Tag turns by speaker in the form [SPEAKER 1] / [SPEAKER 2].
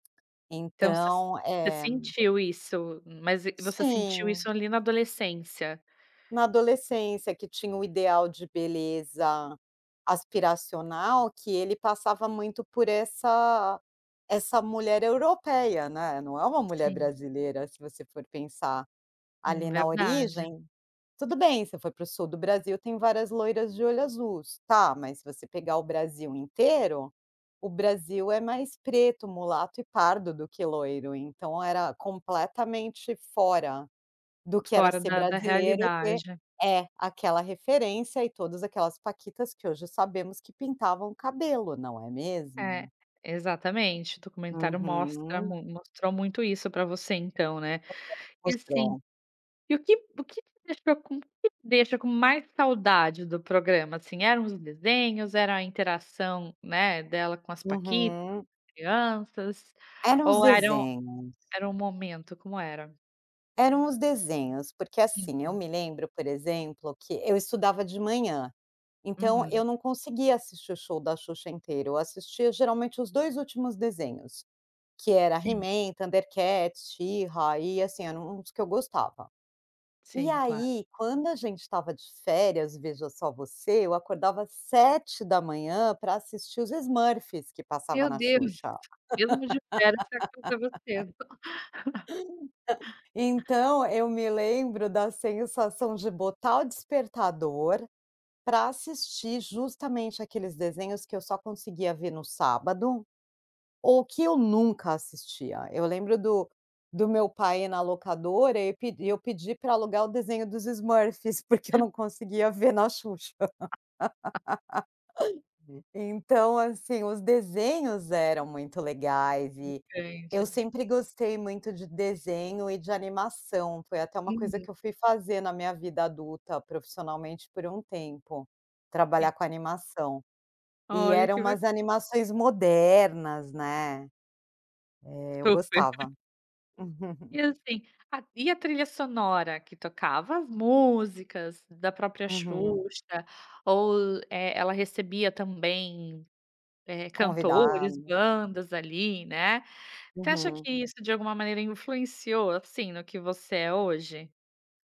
[SPEAKER 1] Então você
[SPEAKER 2] Então,
[SPEAKER 1] você
[SPEAKER 2] é be
[SPEAKER 1] sentiu isso. Mas você sentiu
[SPEAKER 2] Sim.
[SPEAKER 1] isso ali na adolescência?
[SPEAKER 2] Na adolescência, que tinha o ideal de beleza aspiracional que ele passava muito por essa essa mulher europeia, né, não é uma mulher
[SPEAKER 1] Sim.
[SPEAKER 2] brasileira, se você for pensar,
[SPEAKER 1] Hum,
[SPEAKER 2] ali na
[SPEAKER 1] verdade.
[SPEAKER 2] origem. Tudo bem, se você for pro sul do Brasil, tem várias loiras de olho azuis, tá mas se você pegar o Brasil inteiro, o Brasil é mais preto, mulato e pardo do que loiro. Então era completamente fora do que era
[SPEAKER 1] Fora
[SPEAKER 2] ser
[SPEAKER 1] da da
[SPEAKER 2] brasileiro, ter
[SPEAKER 1] realidade.
[SPEAKER 2] É, aquela referência e todas aquelas paquitas, que hoje sabemos que pintavam cabelo, não é mesmo?
[SPEAKER 1] É. Exatamente, o documentário mostra
[SPEAKER 2] Uhum.
[SPEAKER 1] mui mostrou muito isso pra você então, né. E assim,
[SPEAKER 2] [unintelligible]
[SPEAKER 1] e o que o que deixou com o que te deixa com mais saudade do programa, assim? Eram os desenhos, era interação, né, dela com as paquitas, com
[SPEAKER 2] Uhum.
[SPEAKER 1] as crianças,
[SPEAKER 2] Eram os
[SPEAKER 1] ou eram
[SPEAKER 2] desenhos.
[SPEAKER 1] era o momento, como era?
[SPEAKER 2] Eram os desenhos. Porque, assim, eu
[SPEAKER 1] Uhum.
[SPEAKER 2] me lembro, por exemplo, que eu estudava de manhã, então
[SPEAKER 1] Uhum.
[SPEAKER 2] eu não conseguia assistir o show da Xuxa inteiro. Eu assistia geralmente os 2 últimos desenhos, que era
[SPEAKER 1] Sim.
[SPEAKER 2] He-Man, Thundercats, She-Ra, e assim, era um dos que eu gostava. E
[SPEAKER 1] Sim claro.
[SPEAKER 2] aí quando a gente estava de férias, veja só você, eu acordava 7h pra assistir os Smurfs que passava
[SPEAKER 1] Meu
[SPEAKER 2] na
[SPEAKER 1] Deus!
[SPEAKER 2] Xuxa.
[SPEAKER 1] Mesmo de férias, você acordava cedo.
[SPEAKER 2] Então eu me lembro da sensação de botar o despertador, pra assistir justamente aqueles desenhos que eu só conseguia ver no sábado, ou que eu nunca assistia. Eu lembro do do meu pai ir na locadora e pedi e eu pedi pra alugar o desenho dos Smurfs, porque eu não conseguia ver na Xuxa. Então, assim, os desenhos eram muito legais. E eu
[SPEAKER 1] Entendi.
[SPEAKER 2] sempre gostei muito de desenho e de animação. Foi até uma coisa que
[SPEAKER 1] Uhum.
[SPEAKER 2] eu fui fazer na minha vida adulta, profissionalmente por um tempo, trabalhar
[SPEAKER 1] Sim.
[SPEAKER 2] com animação. E
[SPEAKER 1] Olha
[SPEAKER 2] era
[SPEAKER 1] que ba
[SPEAKER 2] umas animações modernas, né. É eu
[SPEAKER 1] Super.
[SPEAKER 2] gostava.
[SPEAKER 1] E assim, a e a trilha sonora que tocava as músicas da própria
[SPEAKER 2] Uhum.
[SPEAKER 1] Xuxa, ou eh, ela recebia também, eh, cantores,
[SPEAKER 2] Convidado.
[SPEAKER 1] bandas ali, né. Você acha
[SPEAKER 2] Uhum.
[SPEAKER 1] que isso de alguma maneira influenciou, assim, no que você é hoje?